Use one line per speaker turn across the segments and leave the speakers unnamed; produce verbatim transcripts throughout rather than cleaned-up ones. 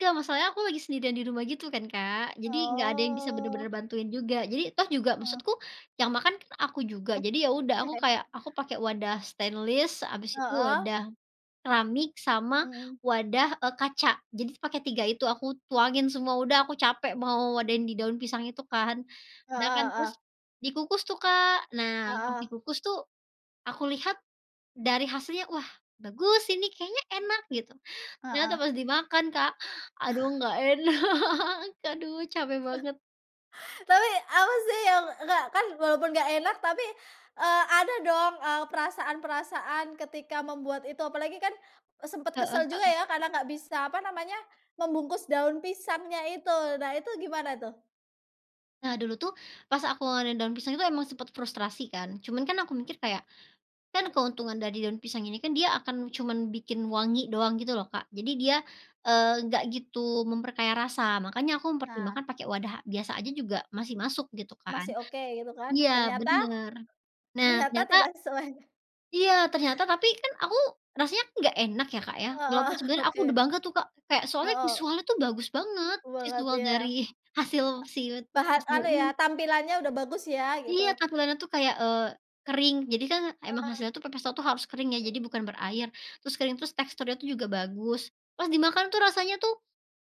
Enggak, masalahnya aku lagi sendirian di rumah gitu kan, Kak. Jadi enggak ada yang bisa benar-benar
Oh.
bantuin juga. Jadi toh juga
Heeh.
maksudku yang makan kan aku juga. Jadi ya udah, aku kayak aku pakai wadah stainless, habis itu
Heeh.
wadah keramik sama
Mhm.
wadah, eee, kaca. Jadi s pakai tiga itu aku tuangin semua, udah aku capek mau wadahin di daun pisang itu kan. Udah kan
Heeh heeh.
terus, dikukus tuh, Kak. Nah, pas
Heeh.
dikukus tuh, aku lihat dari hasilnya, wah bagus ini kayaknya enak gitu. Ternyata
Heeh.
pas dimakan, Kak, aduh enggak enak, aduh capek banget.
Tapi apa sih yang, enggak kan, walaupun enggak enak tapi, eee, ada dong, eee, perasaan-perasaan ketika membuat itu apalagi kan, eee, sempet
Heeh
kesel juga
heeh.
ya karena enggak bisa apa namanya, membungkus daun pisangnya itu. Nah itu gimana tuh?
Nah, dulu tuh pas aku ngewadahin daun pisang itu emang sempat frustrasi kan, cuman kan aku mikir kayak, kan keuntungan dari daun pisang ini kan dia akan cuman bikin wangi doang gitu loh, Kak. Jadi dia, eee, enggak gitu memperkaya rasa, makanya aku
Nah.
mempertimbangkan pakai wadah biasa aja juga masih masuk gitu kan
Masih oke gitu kan,
iya
ternyata?
bener, nah
Ternyata,
ternyata
tidak sesuai.
Iya ternyata tapi kan aku rasanya enggak enak ya, Kak, ya, walaupun
Heeh,
sebenarnya aku udah
oke.
bangga tuh, Kak. Kaya soalnya
Heeh.
visual tuh bagus banget,
Semangat
visual dari
iya.
hasil
[unintelligible]
siwet
Bahan
pepes tahu
anu ya,
ini.
tampilannya udah bagus ya
Iya
gitu?
tampilannya tuh kayak, eee, kering. Jadi kan emang
Heeh.
hasilnya tuh pepes tahu tuh harus kering ya, jadi bukan berair. Terus kering, terus teksturnya juga bagus. Pas dimakan tuh rasanya tuh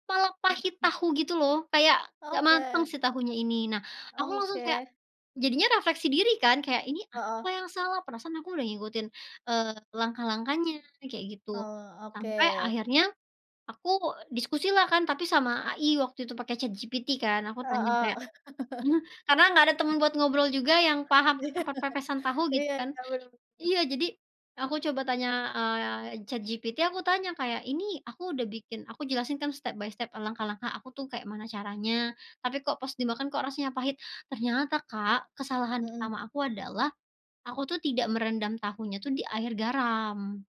malah pahit tahu gitu loh. Kayak enggak mateng
Oke.
si tahunya ini. Nah, aku langsung kayak
Oke.
jadinya refleksi diri kan kayak, "Ini
Heeh.
apa yang salah?" Perasaan aku udah ngikutin, eee, langkah-langkahnya kayak gitu.
Kalau oke.
Sampai akhirnya, aku diskusi lah kan tapi sama AI waktu itu pakai ChatGPT kan. Aku tanya kayak
Heeh.
eee, karena enggak ada temen buat ngobrol juga yang paham tentang perpepesan tahu gitu
Iya
kan
iya, bener bener.
iya jadi aku coba tanya, eee, ChatGPT, aku tanya kayak ini aku udah bikin, aku jelasin kan step by step, langkah-langkah aku tuh kayak mana caranya. Tapi kok pas dimakan kok rasanya pahit? Ternyata, Kak, kesalahan
Mhm.
pertama aku adalah aku tuh tidak merendam tahunya tuh di air garam.